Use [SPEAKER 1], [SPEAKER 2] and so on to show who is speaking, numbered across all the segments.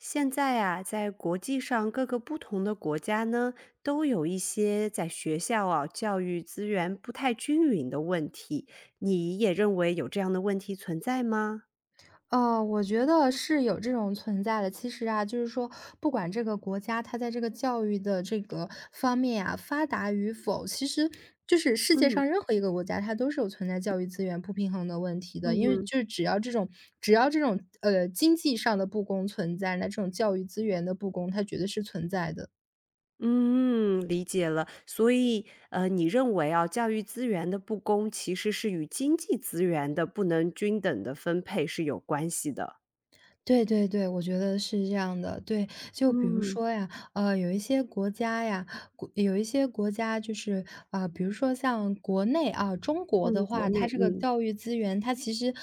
[SPEAKER 1] 现在啊，在国际上，各个不同的国家呢，都有一些在学校啊，教育资源不太均匀的问题，你也认为有这样的问题存在吗？
[SPEAKER 2] 呃，我觉得是有这种存在的。其实啊，就是说，不管这个国家它在这个教育的这个方面呀，发达与否，其实，就是世界
[SPEAKER 1] 嗯。
[SPEAKER 2] 上任何一个国家，它都是有存在教育资源不平衡的问题
[SPEAKER 1] 嗯
[SPEAKER 2] 的，因为
[SPEAKER 1] 哼。
[SPEAKER 2] 就只要这种只要这种，呃，经济上的不公存在，那这种教育资源的不公，它绝对是存在的。
[SPEAKER 1] 嗯，理解了。所以，呃，你认为啊，教育资源的不公其实是与经济资源的不能均等的分配是有关系的。
[SPEAKER 2] 对对对，我觉得是这样的。对，就比如
[SPEAKER 1] 嗯。
[SPEAKER 2] 说呀，呃，有一些国家呀，国有一些国家就是，啊，比如说像国内啊，中国的
[SPEAKER 1] 嗯，国
[SPEAKER 2] 话，它
[SPEAKER 1] 内，
[SPEAKER 2] 这个
[SPEAKER 1] 嗯。
[SPEAKER 2] 教育资源，它其实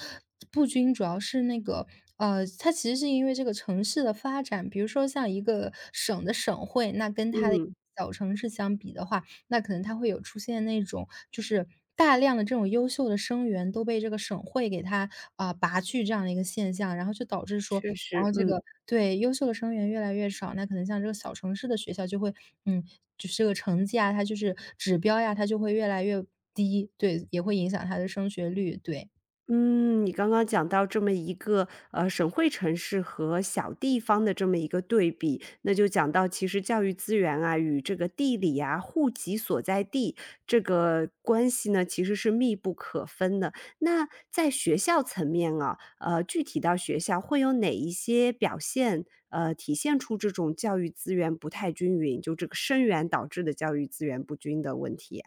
[SPEAKER 2] 不均，主要是那个呃，它其实是因为这个城市的发展。比如说像一个省的省会，那跟它的
[SPEAKER 1] 嗯。
[SPEAKER 2] 小城市相比的话，那可能它会有出现那种，就是大量的这种优秀的生源，都被这个省会给它，啊，拔去这样的一个现象。然后就导致说
[SPEAKER 1] 确
[SPEAKER 2] 然
[SPEAKER 1] 实，
[SPEAKER 2] 后这
[SPEAKER 1] 嗯。
[SPEAKER 2] 个对，优秀的生源越来越少，那可能像这个小城市的学校就会嗯，就是这个成绩啊它就是指标呀，它就会越来越低，对，也会影响它的升学率。对。
[SPEAKER 1] 嗯，你刚刚讲到这么一个，呃，省会城市和小地方的这么一个对比，那就讲到其实教育资源啊与这个地理呀、户籍所在地，这个关系呢其实是密不可分的。那在学校层面啊，呃，具体到学校会有哪一些表现，呃，体现出这种教育资源不太均匀，就这个生源导致的教育资源不均的问题呀？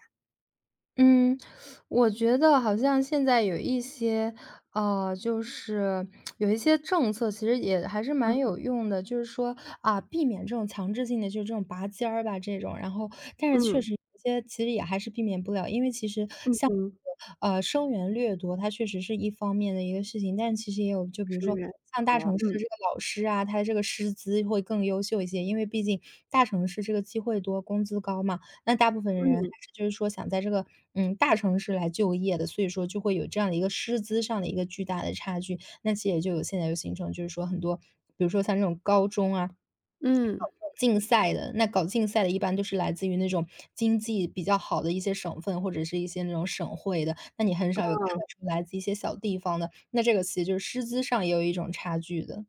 [SPEAKER 2] 嗯，我觉得好像现在有一些，呃，就是，有一些政策其实也还是蛮
[SPEAKER 1] 嗯。
[SPEAKER 2] 有用的，就是说，啊，避免这种强制性的就这种拔尖儿吧这种。然后但是确
[SPEAKER 1] 嗯。
[SPEAKER 2] 实一些其实也还是避免不了，因为其实，
[SPEAKER 1] 嗯
[SPEAKER 2] 像
[SPEAKER 1] 哼。
[SPEAKER 2] 这个，啊，生源掠夺，它确实是一方面的一个事情。但其实也有，就比如
[SPEAKER 1] 生
[SPEAKER 2] 说
[SPEAKER 1] 源很
[SPEAKER 2] 像大
[SPEAKER 1] 多，
[SPEAKER 2] 城市
[SPEAKER 1] 嗯。
[SPEAKER 2] 这个老师啊，它这个师资会更优秀一些，因为毕竟，大城市这个机会多、工资高嘛，那大部分人还
[SPEAKER 1] 嗯。
[SPEAKER 2] 是就是说想在这个，嗯，大城市来就业的，所以说就会有这样的一个师资上的一个巨大的差距。那其实也就有现在有形成，就是说很多，比如说像这种高中啊，搞
[SPEAKER 1] 嗯。
[SPEAKER 2] 竞赛的，那搞竞赛的，一般都是来自于那种经济比较好的一些省份，或者是一些那种省会的，那你很少有看
[SPEAKER 1] 嗯。
[SPEAKER 2] 得出来自一些小地方的，那这个其实就是师资上也有一种差距的。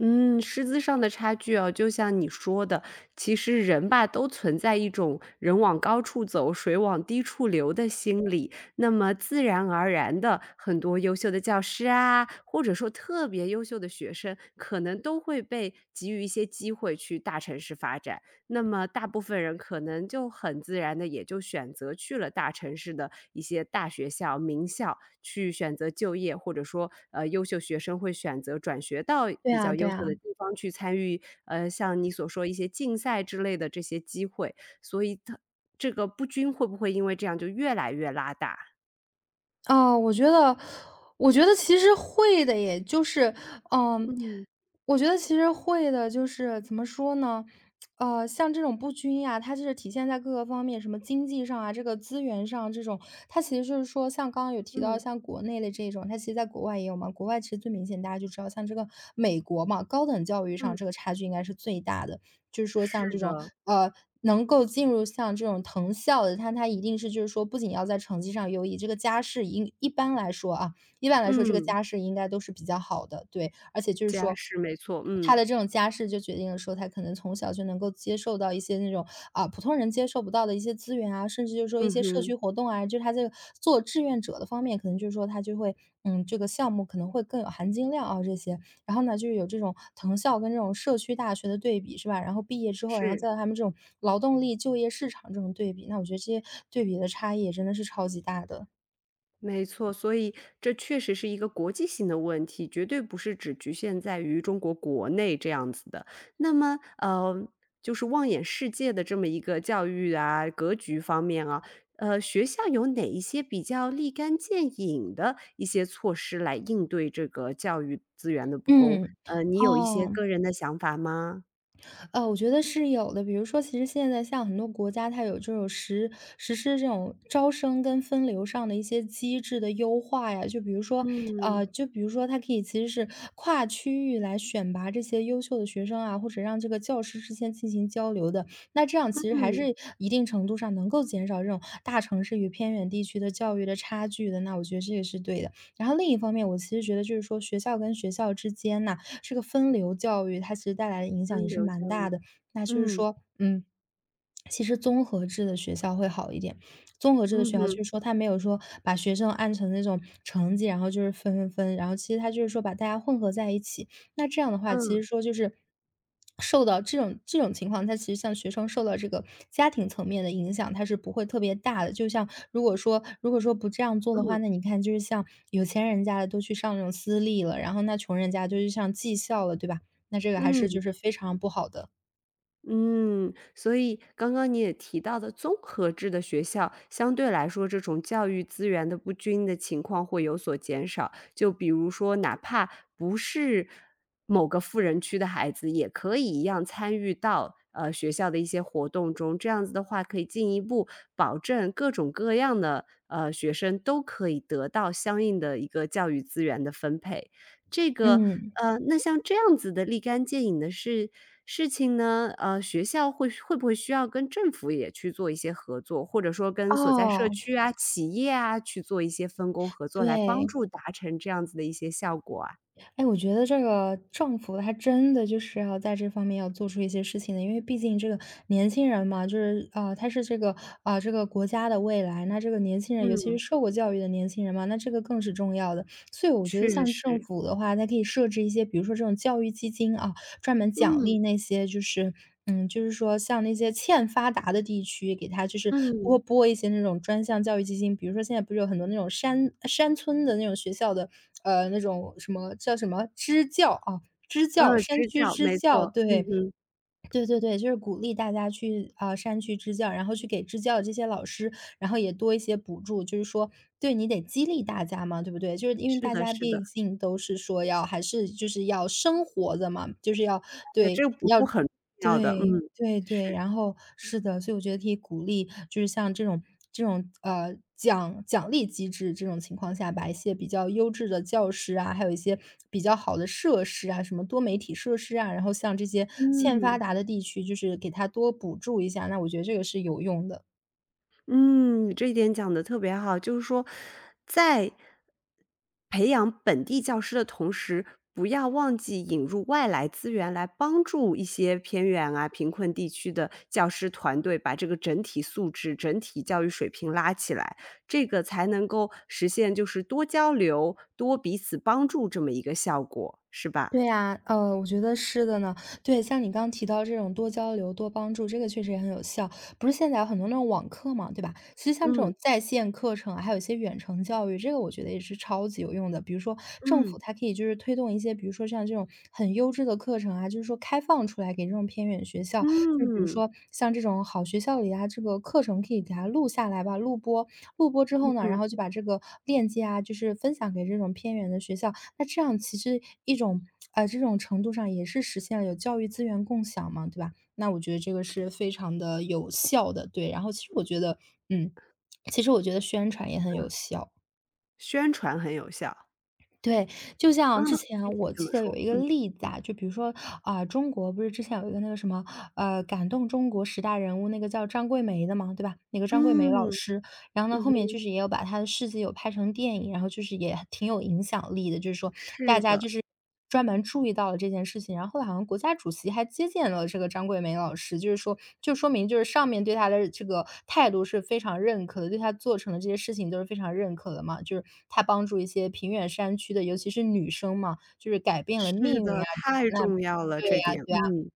[SPEAKER 1] 嗯，师资上的差距啊，就像你说的，其实人吧，都存在一种“人往高处走，水往低处流”的心理，那么自然而然的，很多优秀的教师啊，或者说特别优秀的学生，可能都会被给予一些机会去大城市发展。那么大部分人可能就很自然地，也就选择去了大城市的一些大学校、名校，去选择就业，或者说，呃，优秀学生会选择转学到
[SPEAKER 2] 对
[SPEAKER 1] 比
[SPEAKER 2] 啊
[SPEAKER 1] 较
[SPEAKER 2] 对
[SPEAKER 1] 优秀的
[SPEAKER 2] 啊。
[SPEAKER 1] 地方去参与，呃，像你所说一些竞赛之类的这些机会，所以它这个不均，会不会因为这样就越来越拉大？
[SPEAKER 2] 呃，我觉得，我觉得其实会的耶，就是嗯，
[SPEAKER 1] 嗯。
[SPEAKER 2] 我觉得其实会的。就是怎么说呢，呃，像这种不均呀，它是体现在各个方面，什么经济上啊，这个资源上这种。它其实就是说像刚刚有提到
[SPEAKER 1] 嗯。
[SPEAKER 2] 像国内的这种，它其实在国外也有嘛，国外其实最明显。大家就知道像这个美国嘛，高等教育
[SPEAKER 1] 嗯。
[SPEAKER 2] 上这个差距应该是最大的。就是说像
[SPEAKER 1] 是
[SPEAKER 2] 这种，
[SPEAKER 1] 的。
[SPEAKER 2] 呃，能够进入像这种藤校的，但他一定是就是说不仅要在成绩上优异，这个家世以一般来说啊一般来说这个
[SPEAKER 1] 嗯。
[SPEAKER 2] 家世应该都是比较好的，对。而且就是
[SPEAKER 1] 家
[SPEAKER 2] 说，
[SPEAKER 1] 世没错，嗯。
[SPEAKER 2] 他的这种家世就决定了说，他可能从小就能够接受到一些那种，啊，普通人接受不到的一些资源啊，甚至就说一
[SPEAKER 1] 嗯
[SPEAKER 2] 些社
[SPEAKER 1] 哼。
[SPEAKER 2] 区活动啊，就他这个做志愿者的方面，可能就是说他就会嗯，这个项目可能会更有含金量啊这些。然后呢，就是有这种藤校跟这种社区大学的对比是吧，然后毕业之后，然后
[SPEAKER 1] 是。
[SPEAKER 2] 在他们这种劳动力就业市场这种对比，那我觉得这些对比的差异也真的是超级大的。
[SPEAKER 1] 没错，所以这确实是一个国际性的问题，绝对不是只局限在于中国国内这样子的。那么，呃，就是望眼世界的这么一个教育啊、格局方面啊，呃，学校有哪一些比较立竿见影的一些措施来应对这个教育资源的不公？
[SPEAKER 2] 嗯，
[SPEAKER 1] 呃，你有一些
[SPEAKER 2] 哦。
[SPEAKER 1] 个人的想法吗？
[SPEAKER 2] 呃，我觉得是有的。比如说，其实现在像很多国家它有这种实实施这种招生跟分流上的一些机制的优化呀，就比如说
[SPEAKER 1] 嗯。
[SPEAKER 2] 啊，就比如说它可以其实是跨区域来选拔这些优秀的学生啊，或者让这个教师之间进行交流的，那这样其实还
[SPEAKER 1] 嗯。
[SPEAKER 2] 是一定程度上能够减少这种大城市与偏远地区的教育的差距的，那我觉得这也是对的。然后另一方面我其实觉得，就是说学校跟学校之间呐，这个分流教育，它其实带来的影响
[SPEAKER 1] 分
[SPEAKER 2] 也是
[SPEAKER 1] 流
[SPEAKER 2] 蛮
[SPEAKER 1] 教
[SPEAKER 2] 大
[SPEAKER 1] 育，
[SPEAKER 2] 的。那就是
[SPEAKER 1] 嗯。
[SPEAKER 2] 说，嗯，其实综合制的学校会好一点，综合制的
[SPEAKER 1] 嗯
[SPEAKER 2] 学校
[SPEAKER 1] 哼。
[SPEAKER 2] 就是说，它没有说把学生按成那种成绩，然后就是分分分，然后其实它就说把大家混合在一起，那这样的话，其实
[SPEAKER 1] 嗯。
[SPEAKER 2] 说就是受到这种这种情况它其实像学生受到这个家庭层面的影响，它是不会特别大的，就像如果说如果说不这样做的话，
[SPEAKER 1] 嗯。
[SPEAKER 2] 那你看，就是像有钱人家的都去上那种私立了，然后那穷人家就是上技校了，对吧？那这个还是就
[SPEAKER 1] 嗯。
[SPEAKER 2] 是非常不好的。
[SPEAKER 1] 嗯，所以刚刚你也提到的综合制的学校，相对来说这种教育资源的不均的情况会有所减少，就比如说，哪怕不是某个富人区的孩子，也可以一样参与到，呃，学校的一些活动中，这样子的话，可以进一步保证各种各样的，呃，学生都可以得到相应的一个教育资源的分配。这个
[SPEAKER 2] 嗯。
[SPEAKER 1] 呃，那像这样子的立竿见影的事事情呢，呃，学校会会不会需要跟政府也去做一些合作，或者说跟所在社
[SPEAKER 2] 哦。
[SPEAKER 1] 区啊、企业啊，去做一些分工合作，来帮
[SPEAKER 2] 对。
[SPEAKER 1] 助达成这样子的一些效果啊？
[SPEAKER 2] 诶，我觉得这个政府还真的就是哈，在这方面要做出一些事情的，因为毕竟这个年轻人嘛，就是呃，他是这个啊，这个国家的未来，那这个年轻人尤其是
[SPEAKER 1] 嗯。
[SPEAKER 2] 受过教育的年轻人嘛，那这个更是重要的，所以我觉得
[SPEAKER 1] 确
[SPEAKER 2] 像政
[SPEAKER 1] 实。
[SPEAKER 2] 府的话，它可以设置一些比如说这种教育基金啊，专门奖
[SPEAKER 1] 嗯。
[SPEAKER 2] 励那些就是嗯，就是说像那些欠发达的地区，给它就是拨
[SPEAKER 1] 嗯。
[SPEAKER 2] 拨一些那种专项教育基金，比如说现在不是有很多那种山山村的那种学校的呃，那种什么叫什么支教，啊，支教
[SPEAKER 1] 嗯，
[SPEAKER 2] 山
[SPEAKER 1] 直
[SPEAKER 2] 区
[SPEAKER 1] 角，
[SPEAKER 2] 支
[SPEAKER 1] 没
[SPEAKER 2] 教，
[SPEAKER 1] 错，嗯
[SPEAKER 2] 对。
[SPEAKER 1] 嗯。
[SPEAKER 2] 对对对，就是鼓励大家去，啊，山区支教，然后去给支教的这些老师，然后也多一些补助，就是说对，你得激励大家嘛，对不对，就是因为
[SPEAKER 1] 是
[SPEAKER 2] 大
[SPEAKER 1] 的
[SPEAKER 2] 家
[SPEAKER 1] 是
[SPEAKER 2] 毕
[SPEAKER 1] 的。
[SPEAKER 2] 竟都是说要还是就是要生活的嘛，就是要
[SPEAKER 1] 这
[SPEAKER 2] 对，
[SPEAKER 1] 个补
[SPEAKER 2] 要
[SPEAKER 1] 助很重要的，嗯，
[SPEAKER 2] 对，对对，
[SPEAKER 1] 是。
[SPEAKER 2] 然后是的，所以我觉得可以鼓励，就是像这种这种，呃，奖奖励机制，这种情况下把一些比较优质的教师啊，还有一些比较好的设施啊什么多媒体设施啊，然后向这些欠发
[SPEAKER 1] 嗯。
[SPEAKER 2] 达的地区，就是给它多补助一下，那我觉得这个是有用的。
[SPEAKER 1] 嗯，这一点讲得特别好，就是说，在培养本地教师的同时，不要忘记引入外来资源来帮助一些偏远啊、贫困地区的教师团队把这个整体素质、整体教育水平拉起来，这个才能够实现就是多交流、多彼此帮助这么一个效果，是吧？
[SPEAKER 2] 对呀，呃，我觉得是的呢，对，像你刚刚提到这种多交流、多帮助，这个确实也很有效。不是现在有很多那种网课吗，对吧？其实像这
[SPEAKER 1] 嗯。
[SPEAKER 2] 种在线课程，还有些远程教育，这个我觉得也是超级有用的，比如说，政
[SPEAKER 1] 嗯。
[SPEAKER 2] 府它可以就是推动一些，比如说像这种很优质的课程啊，就是说开放出来给这种偏远学校。就比如
[SPEAKER 1] 嗯。
[SPEAKER 2] 说像这种好学校里呀，这个课程可以给它录下来吧录播，录播之
[SPEAKER 1] 嗯
[SPEAKER 2] 后呢，然
[SPEAKER 1] 嗯。
[SPEAKER 2] 后就把这个链接啊，就是分享给这种偏远的学校，那这样其实一种呃，这种程度上也是实现了有教育资源共享嘛，对吧，那我觉得这个是非常地有效的，对，然后其实我觉得嗯，其实我觉得宣传也很
[SPEAKER 1] 嗯。
[SPEAKER 2] 有效。
[SPEAKER 1] 宣传很有效。
[SPEAKER 2] 对，就
[SPEAKER 1] 嗯，
[SPEAKER 2] 像之
[SPEAKER 1] 具
[SPEAKER 2] 前
[SPEAKER 1] 体
[SPEAKER 2] 我
[SPEAKER 1] 怎么
[SPEAKER 2] 记得有
[SPEAKER 1] 说？
[SPEAKER 2] 一个
[SPEAKER 1] 嗯。
[SPEAKER 2] 例子啊。就比如说，啊，中国不是之前有一个那个什么，呃，“感动中国十大人物”，那个叫张桂梅的吗，对吧？那个张桂梅老
[SPEAKER 1] 嗯，
[SPEAKER 2] 师。然后呢，
[SPEAKER 1] 嗯
[SPEAKER 2] 后面就
[SPEAKER 1] 哼。
[SPEAKER 2] 是也有把她的事迹有拍成电影，然后就是也挺有影响力的。就是说，大
[SPEAKER 1] 是
[SPEAKER 2] 家
[SPEAKER 1] 的。
[SPEAKER 2] 就是专门注意到了这件事情，然后好像国家主席还接见了这个张桂梅老师。就是说就说明就是上面对她的这个态度，是非常认可的，对她做成的这些事情都是非常认可的嘛。就是，她帮助一些偏远山区的，尤其是女生嘛，就是改变了
[SPEAKER 1] 是
[SPEAKER 2] 命运
[SPEAKER 1] 的，
[SPEAKER 2] 啊，
[SPEAKER 1] 太
[SPEAKER 2] 那
[SPEAKER 1] 重要了，
[SPEAKER 2] 对
[SPEAKER 1] 这
[SPEAKER 2] 啊
[SPEAKER 1] 点，
[SPEAKER 2] 对啊。
[SPEAKER 1] 嗯。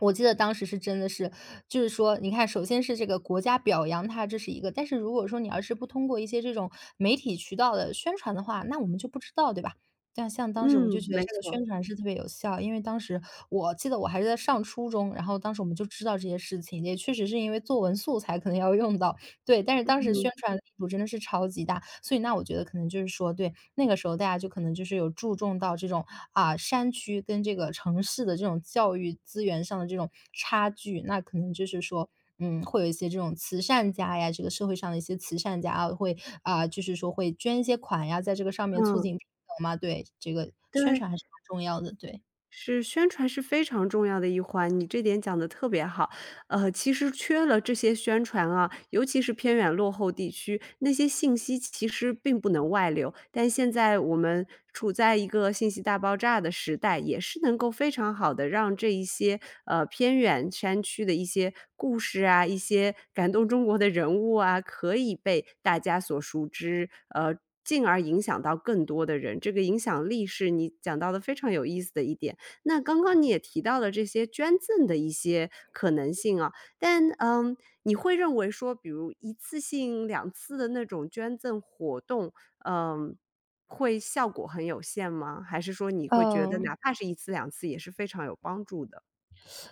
[SPEAKER 2] 我记得当时是真的是就是说你看首先是这个国家表扬她这是一个但是如果说你而是不通过一些这种，媒体渠道的宣传的话，那我们就不知道，对吧？但像当时我就
[SPEAKER 1] 嗯，
[SPEAKER 2] 觉得
[SPEAKER 1] 没
[SPEAKER 2] 这个
[SPEAKER 1] 错。
[SPEAKER 2] 宣传是特别有效，因为当时，我记得我还在上初中，然后当时我们就知道这些事情。也确实是因为作文素材可能要用到。对，但是当时宣
[SPEAKER 1] 嗯。
[SPEAKER 2] 传力度真的是超级大。所以那我觉得可能就是说对，那个时候大家就可能就是有注重到这种，啊，山区，跟这个城市的这种教育资源上的这种差距。那可能就是说，嗯，会有一些这种慈善家呀这个社会上的一些慈善家啊，会，啊，就是说会捐一些款呀，在这个上面促
[SPEAKER 1] 嗯。
[SPEAKER 2] 进 [unintelligible] 嘛，对，这个宣
[SPEAKER 1] 对。
[SPEAKER 2] 传还是蛮重要的，对。
[SPEAKER 1] 是，宣传是非常重要的一环，你这点讲得特别好，呃，其实缺了这些宣传啊，尤其是偏远落后地区，那些信息其实并不能外流，但现在我们处在一个信息大爆炸的时代，也是能够非常好地让这一些，呃，偏远山区的一些故事啊，一些感动中国的人物啊，可以被大家所熟知，呃，进而影响到更多的人，这个影响力是你讲到的非常有意思的一点。那刚刚你也提到了这些捐赠的一些可能性啊，但嗯，你会认为说，比如1次性、2次的那种捐赠活动，呃，会效果很有限吗？还是说你会觉
[SPEAKER 2] 呃。
[SPEAKER 1] 得哪怕是1次2次也是非常有帮助的？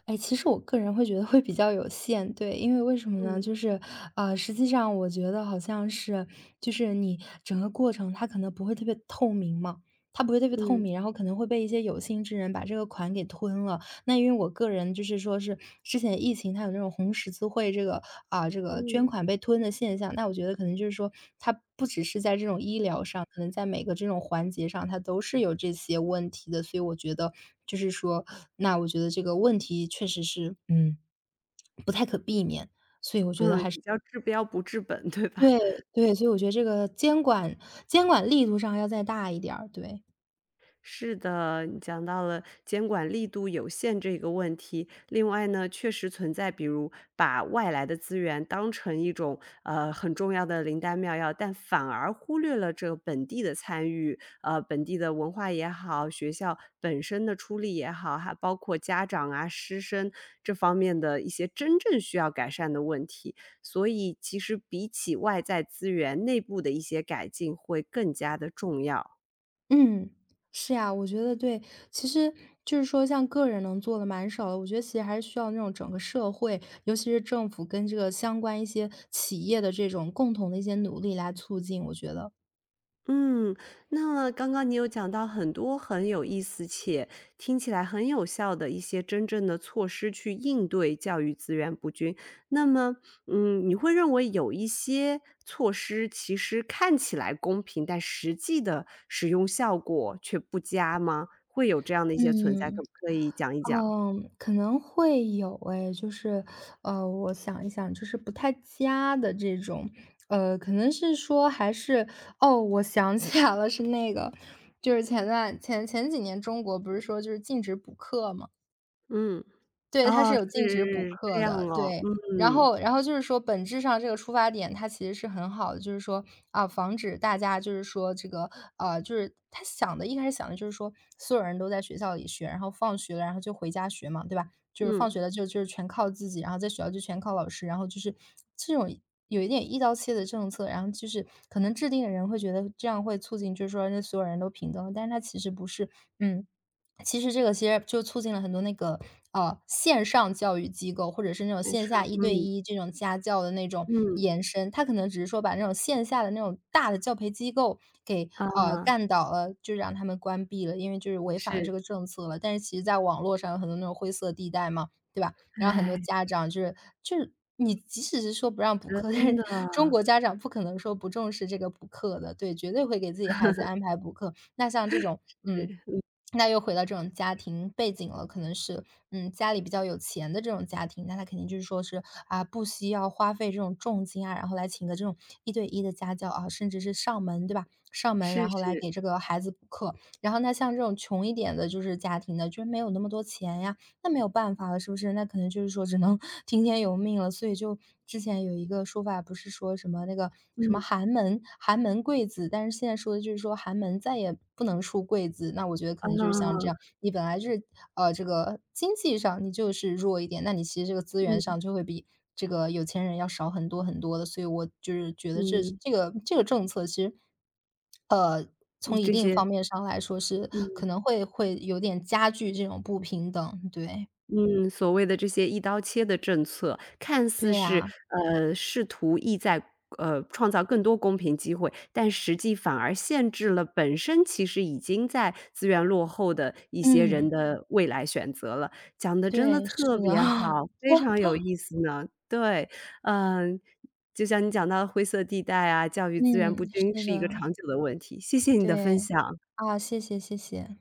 [SPEAKER 2] 哎，其实我个人会觉得会比较有限，对，因为为什么呢？
[SPEAKER 1] 嗯。
[SPEAKER 2] 就是，呃，实际上我觉得好像是就是你整个过程它可能不会特别透明嘛，它不会特别透
[SPEAKER 1] 嗯。
[SPEAKER 2] 明，然后可能会被一些有心之人把这个款给吞了。那因为我个人就是说是，之前疫情，它有那种红十字会这个啊，这个捐
[SPEAKER 1] 嗯。
[SPEAKER 2] 款被吞的现象，那我觉得可能就是说，它不只是在这种医疗上。可能在每个这种环节上，它都是有这些问题的。所以我觉得，就是说那我觉得这个问题确实是，嗯，不太可避免，所以我觉得
[SPEAKER 1] 嗯，
[SPEAKER 2] 还是
[SPEAKER 1] 比较治标不治本，对吧？
[SPEAKER 2] 对，对，所以我觉得这个监管监管力度上要再大一点儿，对。
[SPEAKER 1] 是的，讲到了监管力度有限这个问题，另外呢，确实存在比如，把外来的资源当成一种，呃，很重要的灵丹妙药，但反而忽略了这个本地的参与。呃，本地的文化也好、学校本身的出力也好，还包括家长啊、师生这方面的一些真正需要改善的问题。所以其实比起外在资源，内部的一些改进会更加的重要。
[SPEAKER 2] 嗯，是啊，我觉得对。其实，就是说像个人能做的蛮少的，我觉得其实还是需要那种整个社会，尤其是政府跟这个相关一些企业的这种共同的一些努力来促进，我觉得。
[SPEAKER 1] 嗯，那刚刚你有讲到很多很有意思，且，听起来很有效的一些真正的措施去应对教育资源不均。那么，嗯，你会认为有一些措施其实看起来公平，但实际的使用效果却不佳吗？会有这样的一些存在，
[SPEAKER 2] 嗯，
[SPEAKER 1] 可不可以讲一讲？
[SPEAKER 2] 嗯，可能会有诶，就是，呃，我想一想，就是不太佳的这种，呃，可能是说还是，哦，我想起来了是那个，就是前段前前几年中国不是说就禁止补课吗？
[SPEAKER 1] 嗯，
[SPEAKER 2] 对，它是
[SPEAKER 1] 哦，
[SPEAKER 2] 有禁止补
[SPEAKER 1] 是，这
[SPEAKER 2] 课
[SPEAKER 1] 样
[SPEAKER 2] 的，
[SPEAKER 1] 哦，
[SPEAKER 2] 对，然
[SPEAKER 1] 嗯。
[SPEAKER 2] 后然后就是说本质上这个出发点，它其实是很好的，就是说，啊，防止大家就是说这个呃，就是它想的一开始想的就是说所有人都在学校里学，然后放学了，然后就回家学嘛，对吧，就是放学
[SPEAKER 1] 嗯。
[SPEAKER 2] 了就就是全靠自己，然后在学校就全靠老师，然后就是这种有一点一刀切的政策，然后就是可能制定的人会觉得这样会促进就是说让所有人都平等，但是它其实不是，嗯。其实这个其实就促进了很多那个，呃，线上教育机构，或者是那种
[SPEAKER 1] [unintelligible]
[SPEAKER 2] 线
[SPEAKER 1] 上，
[SPEAKER 2] 下一对
[SPEAKER 1] 嗯。
[SPEAKER 2] 一这种家教的那种
[SPEAKER 1] 嗯。
[SPEAKER 2] 延伸，它可能只是说把那种线下的那种大的教培机构给，呃，
[SPEAKER 1] 啊。
[SPEAKER 2] 干倒了，就让它们关闭了，因为就是违反了
[SPEAKER 1] 是。
[SPEAKER 2] 这个政策了，但是其实在网络上有很多那种灰色地带嘛，对吧？然后很多
[SPEAKER 1] 唉。
[SPEAKER 2] 家长就是就是你即使是说不让补课，但
[SPEAKER 1] 真
[SPEAKER 2] 是
[SPEAKER 1] 的。
[SPEAKER 2] 中国家长不可能说不重视这个补课的。对，绝对会给自己孩子 安排补课，那像这 种嗯，
[SPEAKER 1] 是，嗯。
[SPEAKER 2] 那又回到这种家庭背景了，可能是，嗯，家里比较有钱的这种家庭，那它肯定就是说是，啊，不惜要花费这种重金啊，然后来请一个这种一对一的家教，啊，甚至是上门，对吧，上门
[SPEAKER 1] 是
[SPEAKER 2] 然后来
[SPEAKER 1] 是。
[SPEAKER 2] 给这个孩子补课。然后那像这种穷一点的就是家庭的就没有那么多钱呀，那没有办法了，是不是？那可能就是说只能听天由命了，所以就之前有一个说法，不是说什么那个什么
[SPEAKER 1] 嗯。
[SPEAKER 2] “寒门寒门贵子”，但是现在说的就是说“寒门”再也不能出“贵子”，那我觉得可能就是像这样，
[SPEAKER 1] 啊。
[SPEAKER 2] 你本来就是呃，这个经济上你就是弱一点，那你其实这个资源上
[SPEAKER 1] 嗯。
[SPEAKER 2] 就会比这个有钱人要少很多很多的，所以我就是觉得这是
[SPEAKER 1] 嗯。
[SPEAKER 2] 这个这个政策其实，呃，
[SPEAKER 1] 你
[SPEAKER 2] 从一
[SPEAKER 1] 这
[SPEAKER 2] 定
[SPEAKER 1] 些
[SPEAKER 2] 方面上来说是
[SPEAKER 1] 嗯。
[SPEAKER 2] 可能会会有点加剧这种不平等，对。
[SPEAKER 1] 嗯，所谓的这些一刀切的政策，看
[SPEAKER 2] 对
[SPEAKER 1] 似是
[SPEAKER 2] 呀。
[SPEAKER 1] 呃，试图意在，呃，创造更多公平机会，但实际反而限制了本身其实已经在资源落后的一些人
[SPEAKER 2] 嗯。
[SPEAKER 1] 的未来选择了。讲得真的
[SPEAKER 2] 对，是
[SPEAKER 1] 特别
[SPEAKER 2] 的。
[SPEAKER 1] 好，非常有意 思呢。对，呃，就像你讲到灰色地带啊、教育资源
[SPEAKER 2] 嗯，
[SPEAKER 1] 不均
[SPEAKER 2] 是
[SPEAKER 1] 是一个
[SPEAKER 2] 的。
[SPEAKER 1] 长久的问题，谢谢你的分
[SPEAKER 2] 对，
[SPEAKER 1] 享。
[SPEAKER 2] 啊，谢谢，谢谢。